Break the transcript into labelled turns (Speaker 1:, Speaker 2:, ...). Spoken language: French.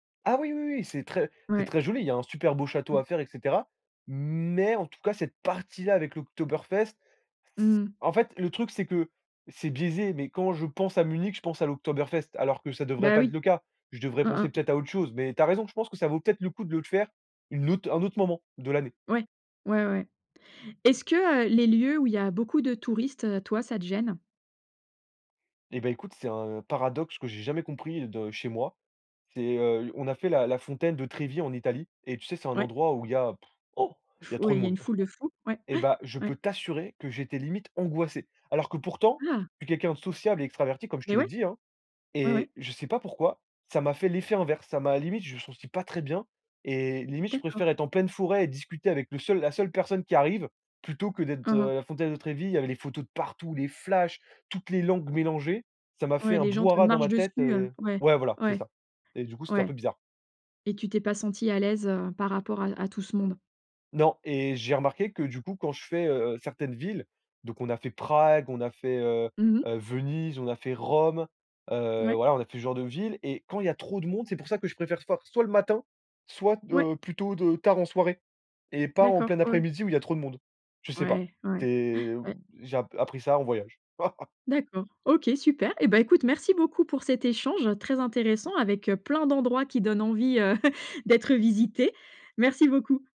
Speaker 1: Ah oui, oui, oui, c'est très c'est
Speaker 2: Ouais.
Speaker 1: très joli. Il y a un super beau château
Speaker 2: Mmh.
Speaker 1: à faire, et cetera. Mais en tout cas, cette partie là avec l'Oktoberfest, c
Speaker 2: Mmh mh.
Speaker 1: en fait le truc c'est que c'est biaisé, mais quand je pense à Munich, je pense à l'Oktoberfest alors que ça devrait
Speaker 2: Bah
Speaker 1: pas être
Speaker 2: oui.
Speaker 1: le cas. Je devrais
Speaker 2: Hein
Speaker 1: penser
Speaker 2: hein.
Speaker 1: peut-être à autre chose, mais tu as raison, je pense que ça vaut peut-être le coup de le faire une autre un autre moment de l'année.
Speaker 2: Ouais, ouais, ouais. Est-ce que, heu, les lieux où il y a beaucoup de touristes, heu, toi, ça te gêne?
Speaker 1: Et beh écoute, c'est un paradoxe que j'ai jamais compris de chez moi. C'est, heu, on a fait la la fontaine de Trevi en Italie et tu sais, c'est un
Speaker 2: Ouais.
Speaker 1: endroit où il y a, il y a trop
Speaker 2: Oui
Speaker 1: de
Speaker 2: il y a
Speaker 1: monde.
Speaker 2: une foule de fous, ouais,
Speaker 1: Et
Speaker 2: ouais.
Speaker 1: bah, je
Speaker 2: Ouais.
Speaker 1: peux t'assurer que j'étais limite angoissé. Alors que pourtant,
Speaker 2: Ah.
Speaker 1: je suis quelqu'un de sociable et extraverti comme je
Speaker 2: Mais,
Speaker 1: te l'ai
Speaker 2: ouais.
Speaker 1: dit, hein,
Speaker 2: Ouais,
Speaker 1: et
Speaker 2: ouais.
Speaker 1: je sais pas pourquoi ça m'a fait l'effet inverse. Ça m'a limite, je me senti pas très bien et limite je préfère
Speaker 2: D'accord.
Speaker 1: être en pleine forêt et discuter avec le seul la seule personne qui arrive plutôt que d'être,
Speaker 2: Mmh
Speaker 1: heu,
Speaker 2: mh.
Speaker 1: à la frontière de Trevi. Il y avait les photos de partout, les flashs, toutes les langues mélangées, ça m'a fait
Speaker 2: Ouais,
Speaker 1: un
Speaker 2: les gens te
Speaker 1: brouhaha dans
Speaker 2: marchent
Speaker 1: ma tête,
Speaker 2: dessus, heu,
Speaker 1: heu
Speaker 2: ouais,
Speaker 1: ouais voilà, c'est
Speaker 2: ouais,
Speaker 1: ça. Et du coup, c'était un peu
Speaker 2: ouais.
Speaker 1: bizarre.
Speaker 2: Et tu t'es pas senti à l'aise, heu, par rapport à à tout ce monde?
Speaker 1: Non, et j'ai remarqué que, du coup, quand je fais, heu, certaines villes, donc on a fait Prague, on a fait, heu,
Speaker 2: Mmh mh.
Speaker 1: heu, Venise, on a fait Rome, heu,
Speaker 2: Mouais.
Speaker 1: voilà, on a fait ce genre de ville, et quand il y a trop de monde, c'est pour ça que je préfère for soit le matin, soit,
Speaker 2: Mouais.
Speaker 1: heu, plutôt de tard en soirée, et pas en
Speaker 2: D'accord
Speaker 1: plein
Speaker 2: ouais, ouais.
Speaker 1: après-midi où il y a trop de monde. Je sais pas.
Speaker 2: Ouais, ouais, ouais,
Speaker 1: C'est
Speaker 2: ouais.
Speaker 1: j'ai ap appris ça en voyage.
Speaker 2: D'accord, OK, super. Et bah, écoute, merci beaucoup pour cet échange très intéressant avec, heu, plein d'endroits qui donnent envie, heu, d'être visités. Merci beaucoup.